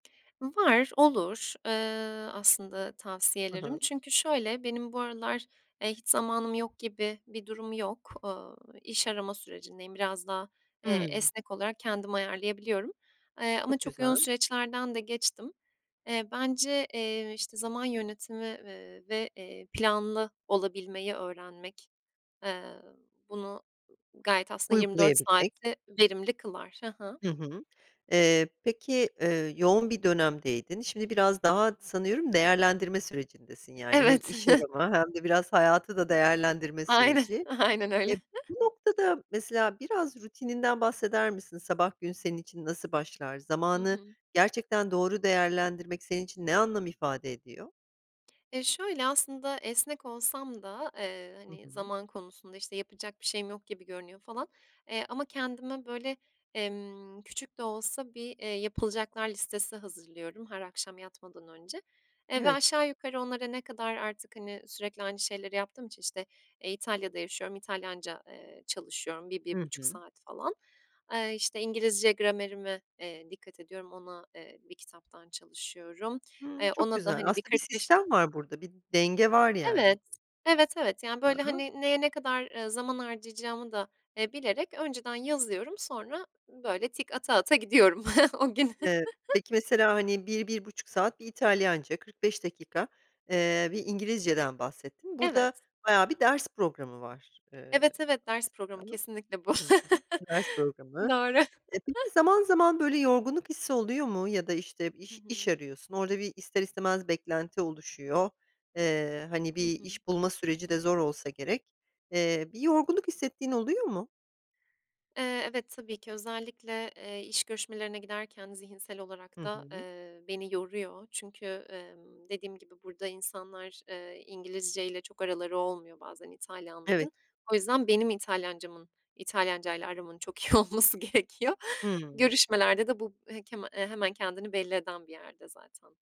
Var, olur, ııı, aslında Hı tavsiyelerim. hı. Çünkü şöyle, benim bu aralar, eee, hiç zamanım yok gibi bir durum yok. Ooo, iş arama sürecindeyim, biraz daha, eee, Hımm. esnek olarak kendim ayarlayabiliyorum, eee, ama Çok çok yoğun güzel. süreçlerden de geçtim. Eee, bence, eee, işte zaman yönetimi, ııı, ve, eee, planlı olabilmeyi öğrenmek, eee, bunu g g gayet aslında 24 Uygulayabilmek. saatte verimli kılar. Hı hı. Hı hı. Eee, peki, eee, yoğun bir dönemdeydin, şimdi biraz daha sanıyorum değerlendirme sürecindesin yani hem Evet. iş arama hem de biraz hayatı da değerlendirme Aynen, süreci. aynen Eee, öyle. bu noktada mesela biraz rutininden bahseder misin? Sabah gün senin için nasıl başlar? Hı Zamanı hı. gerçekten doğru değerlendirmek, senin için ne anlam ifade ediyor? Eee, şöyle aslında, esnek olsam da, eee, Hı hani, hı. zaman konusunda işte yapacak bir şeyim yok gibi görünüyor falan, eee, ama kendime böyle, emm, küçük de olsa bir, eee, yapılacaklar listesi hazırlıyorum her akşam yatmadan önce, eee, ve Evet. aşağı yukarı onlara ne kadar artık, hani, sürekli aynı şeyleri yaptığım için, işte, eee, İtalya'da yaşıyorum, İtalyanca, eee, çalışıyorum bir bir Hı buçuk hı. saat falan. Eee, işte, İngilizce gramerime, eee, dikkat ediyorum, ona, eee, bir kitaptan çalışıyorum. Hımm, Eee, çok ona da, güzel hani, bir aslında bir kırk beş sistem var burada, bir denge var yani. Evet, evet, evet, yani Ha böyle, ha. hani, neye ne kadar, ııı, zaman harcayacağımı da, eee, bilerek önceden yazıyorum, sonra böyle tik ata ata gidiyorum o gün. Eee, peki mesela, hani, 1-1,5 saat bir İtalyanca 45 dakika, eee, bir İngilizceden bahsettin. Burada Evet. bayağı bir ders programı var, eee, Evet, evet, ders programı aslında. kesinlikle bu. Hı hı ders programı. Doğru. E, peki, zaman zaman böyle yorgunluk hissi oluyor mu ya da, işte, Hı iş iş hı. arıyorsun, orada bir ister istemez beklenti oluşuyor. Eee, hani, Hı bir hı. iş bulma süreci de zor olsa gerek. Eee, bir yorgunluk hissettiğin oluyor mu? Eee, evet, ki özellikle, eee, iş görüşmelerine giderken zihinsel Hı olarak da, hı. eee, beni yoruyor çünkü, emm, dediğim gibi burada insanlar, eee, İngilizce ile çok araları olmuyor bazen Evet. İtalyanlar'ın. O yüzden, benim İtalyanca'mın, İtalyanca'yla aramın çok iyi olması gerekiyor. Hımm. Görüşmelerde de bu he keme eee, hemen kendini belli eden bir yerde zaten.